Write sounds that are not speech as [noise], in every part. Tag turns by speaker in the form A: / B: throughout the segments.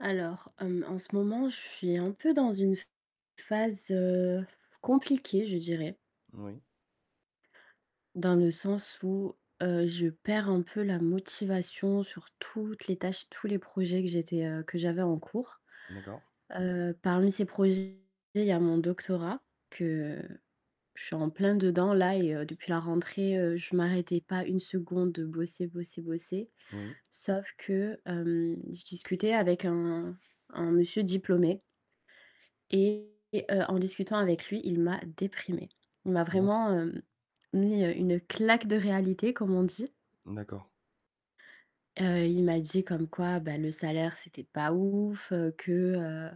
A: Alors, hem, en ce moment, je suis un peu dans une ph phase, heu, [blows air] compliquée je dirais
B: Oui.
A: dans le sens où, heu, je perds un peu la motivation sur toutes les tâches, tous les projets que j'étais, heu que j'avais en cours.
B: D'accord.
A: Heu, parmi ces projets il y a mon doctorat, que je suis en plein dedans là et heu, depuis la rentrée, heu, je m'arrêtais pas 1 seconde de bosser, bosser, bosser,
B: Oui.
A: sauf que, hem, je discutais avec un un monsieur diplômé et heu, en discutant avec lui il m'a déprimée. Il m'a
B: Ah bon?
A: vraiment, heu, mis, heu, une claque de réalité, comme on dit.
B: D'accord.
A: Heu, il m'a dit comme quoi, bah, le salaire c'était pas ouf, que, heu,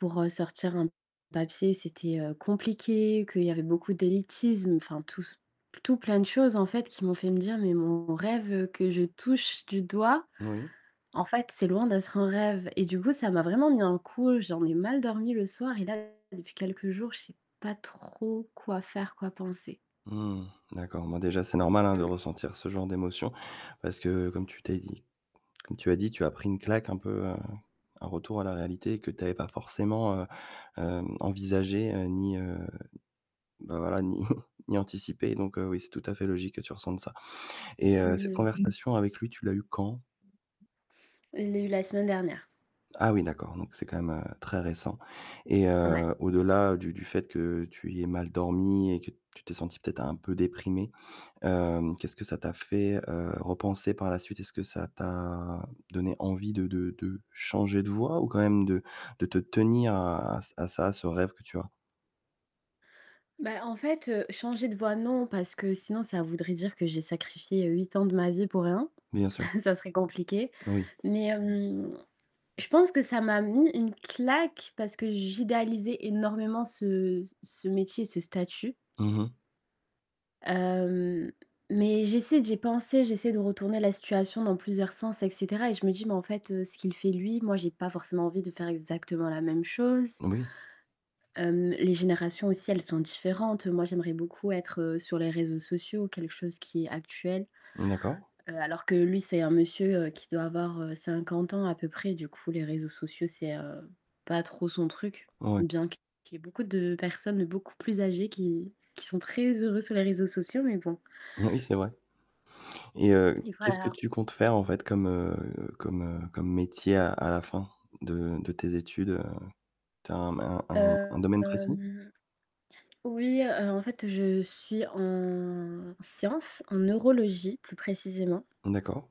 A: pour, heu, sortir un papier, c'était, heu, compliqué, qu'il y avait beaucoup d'élitisme. Enfin, tout ce tout plein de choses en fait, qui m'ont fait me dire: «Mais mon rêve que je touche du doigt,
B: Oui.
A: en fait c'est loin d'être un rêve» et du coup ça m'a vraiment mis un coup. J'en ai mal dormi le soir, et là depuis quelques jours, je sais pas trop quoi faire, quoi penser.
B: Mmh, d'accord. Bon, déjà c'est normal, hein, de
A: Mmh.
B: ressentir ce genre d'émotion, parce que comme tu t'es dit comme tu as dit, tu as pris une claque un peu, heu, un retour à la réalité que tu avais pas forcément, heu, hem, envisagé, heu, ni, heu, bah voilà, ni [chuckles] ni anticipé, donc, heu, oui, c'est tout à fait logique que tu ressentes ça, et heu, cette
A: Mmh mh.
B: conversation avec lui tu l'as eue quand?
A: Je l'ai eue la semaine dernière.
B: Ah oui d'accord, donc c'est quand même, heu, très récent, et
A: Ouais.
B: heu, au-delà du du fait que tu aies mal dormi et que tu t'es sentie, peut-être, un peu déprimée, hem, qu'est-ce que ça t'a fait, heu, repenser par la suite? Est-ce que ça t'a donné envie de de de changer de voie ou quand même de de te tenir à à ç à ça, à ce rêve que tu as?
A: Bah en fait, heu, changer de voie non, parce que sinon ça voudrait dire que j'ai sacrifié, heu, 8 ans de ma vie pour rien.
B: Bien sûr.
A: [chuckles] Ça serait compliqué.
B: Oui.
A: Mais, hem, je pense que ça m'a mis une claque parce que j'idéalisais énormément ce c ce métier, ce statut
B: Mmh mh.
A: hem, mais j'essaie j'ai pensé j'essaie de retourner la situation dans plusieurs sens, et cetera, et je me dis: «Mais en fait, heu, ce qu'il fait lui, moi, j'ai pas forcément envie de faire exactement la même chose».
B: Oui.
A: Hem, les générations aussi, elles sont différentes. Moi, j'aimerais beaucoup être, heu, sur les réseaux sociaux, quelque chose qui est actuel,
B: D'accord.
A: heu, alors que lui, c'est un monsieur, heu, qui doit avoir, heu, 50 ans à peu près. Du coup les réseaux sociaux, c'est, heu, pas trop son truc,
B: Ouais.
A: bien qu'il y ait beaucoup de personnes, beaucoup plus âgées qui qui sont très heureux sur les réseaux sociaux, mais bon.
B: [chuckles] Oui, c'est vrai, et heu,
A: Et
B: qu'est-ce que
A: voilà.
B: tu comptes faire en fait comme, heu, comme, heu, comme métier à à la fin de de tes études? Heu, tu as un un un
A: Heu,
B: un domaine précis?
A: hem. Oui, heu, en fait je suis en science, en neurologie plus précisément.
B: D'accord.